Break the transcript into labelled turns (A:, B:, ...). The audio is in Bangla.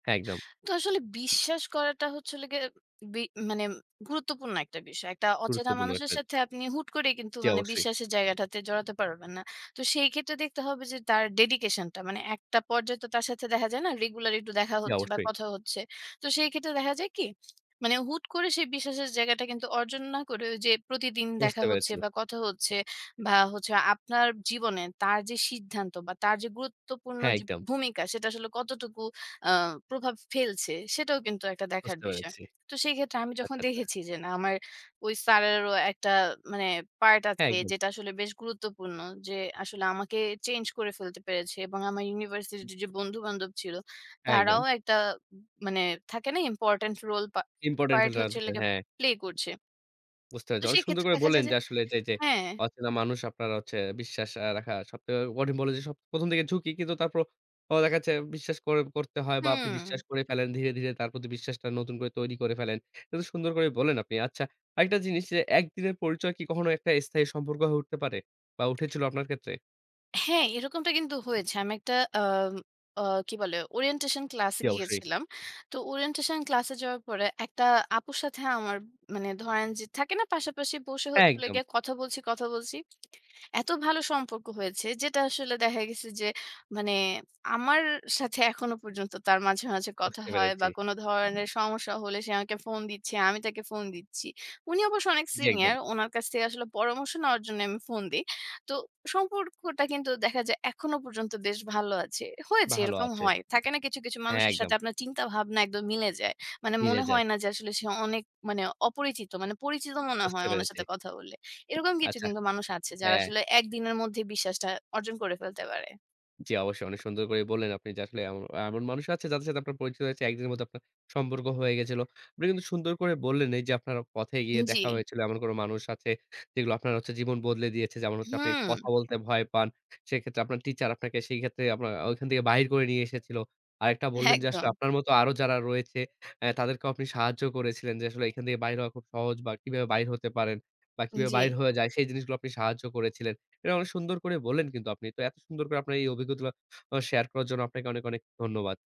A: একদম।
B: তো আসলে বিশ্বাস করাটা হচ্ছে, হল গিয়ে বি মানে গুরুত্বপূর্ণ একটা বিষয়। একটা অচেনা
A: গুরুত্বপূর্ণ
B: মানুষের
A: একটা।
B: সাথে, আপনি হুট করে, কিন্তু
A: জ্বী,
B: মানে
A: অবশ্যই।
B: বিশ্বাসের জায়গাটাতে জড়াতে পারবেন না। তো সেই ক্ষেত্রে দেখতে হবে যে, তার ডেডিকেশন টা। মানে একটা পর্যায়ে তো, তার সাথে দেখা যায় না, রেগুলার একটু দেখা হচ্ছে বা
A: অবশ্যই।
B: কথা হচ্ছে। তো সেই ক্ষেত্রে দেখা যায় কি, মানে হুট করে, সেই বিশ্বাসের জায়গাটা কিন্তু অর্জন না করে ঐ যে, প্রতিদিন
A: বুঝতে
B: দেখা হচ্ছে
A: পেরেছি।
B: বা কথা হচ্ছে বা হচ্ছে আপনার জীবনে তার যে সিদ্ধান্ত বা তার যে গুরুত্বপূর্ণ
A: হ্যাঁ,
B: যে
A: একদম।
B: ভূমিকা, সেটা আসলে কতটুকু আ প্রভাব ফেলছে। সেটাও কিন্তু একটা দেখার
A: বুঝতে
B: বিষয়।
A: পেরেছি।
B: তো সেই ক্ষেত্রে আমি যখন
A: আচ্ছা, আচ্ছা।
B: দেখেছি যে, না, আমার ওই স্যারেরও একটা মানে পার্ট
A: হ্যাঁ,
B: আছে,
A: একদম।
B: যেটা আসলে বেশ গুরুত্বপূর্ণ। যে আসলে আমাকে চেঞ্জ করে ফেলতে পেরেছে। এবং আমার ইউনিভার্সিটি
A: হুম।
B: তে যে বন্ধু-বান্ধব ছিল, তারাও
A: একদম।
B: একটা মানে থাকে না, ইম্পোর্টেন্ট রোল
A: ইম্পোর্টেন্ট
B: পার্ট
A: ফিলটা না
B: হচ্ছে
A: থাকলে, হ্যাঁ।
B: প্লে করছে।
A: বুঝতে
B: তো
A: পেরেছেন। অনেক
B: সেই
A: সুন্দর
B: ক্ষেত্রে
A: করে
B: দেখা
A: বললেন
B: যায় যে,
A: যে, আসলে যে, যে
B: হ্যাঁ
A: অচেনা মানুষ আপনার হচ্ছে, বিশ্বাস রাখা সব কঠিন। বললেন যে, প্রথম থেকে ঝুঁকি, কিন্তু তারপর দেখা যাচ্ছে, বিশ্বাস করতে হয় বা আপনি বিশ্বাস
B: হুম।
A: করে ফেলেন, ধীরে, ধীরে তার প্রতি, বিশ্বাসটা নতুন করে তৈরি করে ফেলেন। এটা সুন্দর করে বললেন আপনি। আচ্ছা, আরেকটা জিনিস যে, একদিনের পরিচয় কি, কখনো একটা স্থায়ী সম্পর্ক হয়ে উঠতে পারে বা উঠেছিল আপনার ক্ষেত্রে?
B: হ্যাঁ, এরকমটা কিন্তু হয়েছে। আমি একটা আ আ কি বলে ওরিয়েন্টেশন ক্লাসে
A: জী, অবশ্যই।
B: গিয়েছিলাম। তো ওরিয়েন্টেশন ক্লাসে যাওয়ার পরে, ১ টা আপুর সাথে আমার মানে ধরেন যে, থাকে না, পাশাপাশি বসে
A: হ্যাঁ,
B: হচ্ছে হল
A: একদম।
B: গিয়ে, কথা বলছি, কথা বলছি। এত ভালো সম্পর্ক হয়েছে, যেটা আসলে দেখা গেছে যে, মানে আমার সাথে এখনো পর্যন্ত তার মাঝে, মাঝে কথা
A: বুঝতে
B: হয় বা
A: পেরেছি।
B: কোন ধরনের সমস্যা হলে, সে আমাকে ফোন দিচ্ছে। আমি তাকে ফোন দিচ্ছি। উনি অবশ্য অনেক
A: জি, একদম।
B: সিনিয়র। উনার কাছ থেকে আসলে পরামর্শ নেওয়ার জন্য আমি ফোন দেই। তো সম্পর্ক টা কিন্তু দেখা যায়, এখনো পর্যন্ত বেশ ভালো আছে। হয়েছে,
A: ভাল
B: এরকম
A: আছে।
B: হয়। থাকে না, কিছু, কিছু
A: হ্যাঁ,
B: মানুষের
A: একদম।
B: সাথে আপনার চিন্তাভাবনা একদম মিলে যায়। মানে,
A: মিলে
B: মনে
A: যায়।
B: হয় না যে, আসলে সে অনেক মানে অপরিচিত। মানে পরিচিত মনে হয়,
A: বুঝতে
B: উনার
A: পেরেছি।
B: সাথে কথা বললে। এরকম কিছু
A: আচ্ছা।
B: কিন্তু মানুষ আছে, যারা
A: হ্যাঁ।
B: আসলে একদিনের মধ্যেই বিশ্বাসটা অর্জন করে ফেলতে পারে।
A: জ্বি, অবশ্যই অনেক সুন্দর করে বললেন আপনি যে, আসলে এম এমন মানুষ আছে, যাদের সাথে আপনার পরিচিত হয়েছে, ১ দিনের মধ্যে আপনার সম্পর্ক হয়ে গেছিল। আপনি কিন্তু সুন্দর করে বললেন এই যে, আপনার পথে গিয়ে
B: জ্বি।
A: দেখা হয়েছিল। এমন কোন মানুষ আছে, যেগুলো আপনার জীবন বদলে দিয়েছে। যেমন হচ্ছে, আপনি
B: হুম।
A: কথা বলতে ভয় পান। সেক্ষেত্রে আপনার টিচার, আপনাকে সেক্ষেত্রে আপনার ঐখান থেকে বাহির করে নিয়ে এসেছিল। আরেকটা বললেন যে, আসলে
B: একদম।
A: আপনার মতো আরো যারা রয়েছে, এ তাদেরকেও আপনি সাহায্য করেছিলেন যে আসলে এখান থেকে বাইর হওয়া খুব সহজ বা কিভাবে বাহির হতে পারেন বা কিভাবে বাহির
B: জ্বি।
A: হয়ে যায়, সেই জিনিসগুলো আপনি সাহায্য করেছিলেন। এটা অনেক সুন্দর করে বললেন কিন্তু আপনি তো এত সুন্দর করে, আপনার এই অভিজ্ঞতা গুলো শেয়ার করার জন্য, আপনাকে অনেক, অনেক ধন্যবাদ।